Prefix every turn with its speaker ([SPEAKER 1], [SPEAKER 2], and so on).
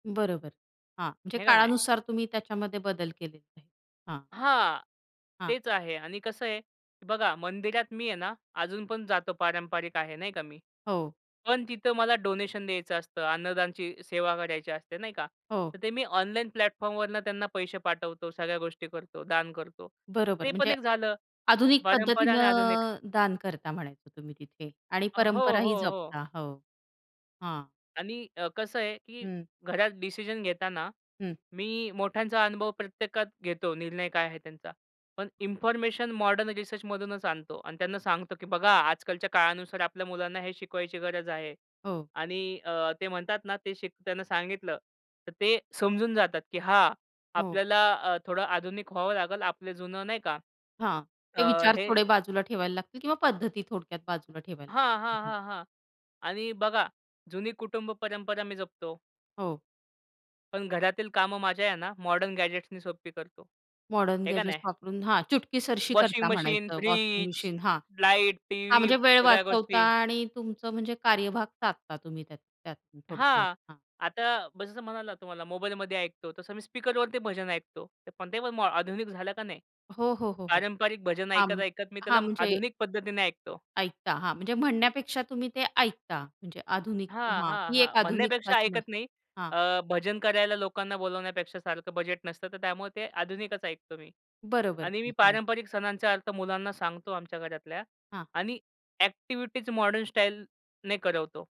[SPEAKER 1] बरोबर. हां, म्हणजे
[SPEAKER 2] हे का नाही?
[SPEAKER 1] काळानुसार तुम्ही त्याच्यामध्ये बदल केलेला आहे हां.
[SPEAKER 2] हां,
[SPEAKER 1] हां.
[SPEAKER 2] तेच आहे आणि कसं आहे बघा मंदिरात मी आहे ना, अजून पण जातो पारंपरिक आहे नाही का मी.
[SPEAKER 1] हो.
[SPEAKER 2] पण तिथं मला डोनेशन द्यायचं असतं, अन्नदानची सेवा करायची असते नाही का?
[SPEAKER 1] हो.
[SPEAKER 2] तर ते मी ऑनलाईन प्लॅटफॉर्मवरनं त्यांना पैसे पाठवतो, सगळ्या गोष्टी करतो, दान करतो.
[SPEAKER 1] बरोबर,
[SPEAKER 2] ते पण
[SPEAKER 1] म्हणजे
[SPEAKER 2] एक झालं
[SPEAKER 1] आधुनिक
[SPEAKER 2] परंपरा आणि
[SPEAKER 1] पद्धतीनं
[SPEAKER 2] आधुनिक.
[SPEAKER 1] अ, दान करता म्हणायचं तुम्ही तिथे आणि
[SPEAKER 2] अ, हो,
[SPEAKER 1] परंपराही
[SPEAKER 2] हो, हो.
[SPEAKER 1] जपता. हो हां
[SPEAKER 2] आणि अ, कसं आहे, की
[SPEAKER 1] हं.
[SPEAKER 2] घरात डिसिजन घेताना
[SPEAKER 1] हं.
[SPEAKER 2] मी मोठ्यांचा अनुभव प्रत्येकात घेतो, निर्णय काय आहे त्यांचा. पण इन्फॉर्मेशन मॉडर्न रिसर्चमधूनच आणतो. आणि त्यांना सांगतो की "बघा आजकालच्या काळानुसार आपल्या मुलांना हे शिकवायची गरज आहे."
[SPEAKER 1] हो.
[SPEAKER 2] आणि अ, ते म्हणतात ना ते त्यांना सांगितलं तर ते समजून जातात की हां,
[SPEAKER 1] हो.
[SPEAKER 2] आपल्याला अ, थोडं आधुनिक व्हावं लागेल. आपलं जुनं नाही का,
[SPEAKER 1] हां, ते
[SPEAKER 2] अ,
[SPEAKER 1] विचार
[SPEAKER 2] हे
[SPEAKER 1] थोडे बाजूला ठेवायला लागतील किंवा पद्धती थोडक्यात बाजूला ठेवायला
[SPEAKER 2] हां,
[SPEAKER 1] लागतील
[SPEAKER 2] हां,
[SPEAKER 1] हां.
[SPEAKER 2] हां, हां. आणि बघा जुनी कुटुंब परंपरा मी जपतो.
[SPEAKER 1] हो.
[SPEAKER 2] पण घरातील कामं माझ्या आहे ना मॉडर्न गॅजेट्सनी सोपी करतो.
[SPEAKER 1] मॉडर्न
[SPEAKER 2] हे का
[SPEAKER 1] गॅजेट्स
[SPEAKER 2] नाही?
[SPEAKER 1] वापरून हां, चुटकीसरशी
[SPEAKER 2] वॉशिंग
[SPEAKER 1] करता
[SPEAKER 2] मशीन,
[SPEAKER 1] म्हणायचं वॉशिंग
[SPEAKER 2] फ्रिज,
[SPEAKER 1] मशीन हां.
[SPEAKER 2] लाईट,
[SPEAKER 1] हां
[SPEAKER 2] टीव्ही
[SPEAKER 1] म्हणजे वेळ
[SPEAKER 2] सगळ्या
[SPEAKER 1] वाचवता
[SPEAKER 2] गोष्टी.
[SPEAKER 1] आणि तुमचं म्हणजे कार्यभाग साधता तुम्ही त्यात त्यातून थोडक्यात
[SPEAKER 2] हां,
[SPEAKER 1] हां.
[SPEAKER 2] आता भजनं म्हणाला, तुम्हाला मोबाईलमध्ये ऐकतो तसं मी स्पीकरवर ते भजन ऐकतो. पण ते आधुनिक झालं का नाही?
[SPEAKER 1] हो, हो, हो, हो.
[SPEAKER 2] पारंपरिक भजन
[SPEAKER 1] हां. म
[SPEAKER 2] ऐकत-ऐकत मी त्याला
[SPEAKER 1] हां म्हणजे
[SPEAKER 2] आधुनिक पद्धतीने ऐकतो.
[SPEAKER 1] ऐकता हां, म्हणजे म्हणण्यापेक्षा तुम्ही ते ऐकता म्हणजे आधुनिक
[SPEAKER 2] हां,
[SPEAKER 1] हां,
[SPEAKER 2] हां,
[SPEAKER 1] ती
[SPEAKER 2] हां.
[SPEAKER 1] एक
[SPEAKER 2] म्हणण्यापेक्षा
[SPEAKER 1] आधुनिकताच म्हणा
[SPEAKER 2] ऐकत नाही.
[SPEAKER 1] हां.
[SPEAKER 2] अ, भजन करायला लोकांना बोलावण्यापेक्षा सारखं बजेट नसतं. तर त्यामुळे ते आधुनिकच ऐकतो मी.
[SPEAKER 1] बरोबर
[SPEAKER 2] आणि मी
[SPEAKER 1] की हां.
[SPEAKER 2] पारंपरिक सणांचा अर्थ मुलांना सांगतो आमच्या घरातल्या
[SPEAKER 1] हां.
[SPEAKER 2] आणि अ‍ॅक्टिव्हिटीज मॉडर्न स्टाईलने करवतो.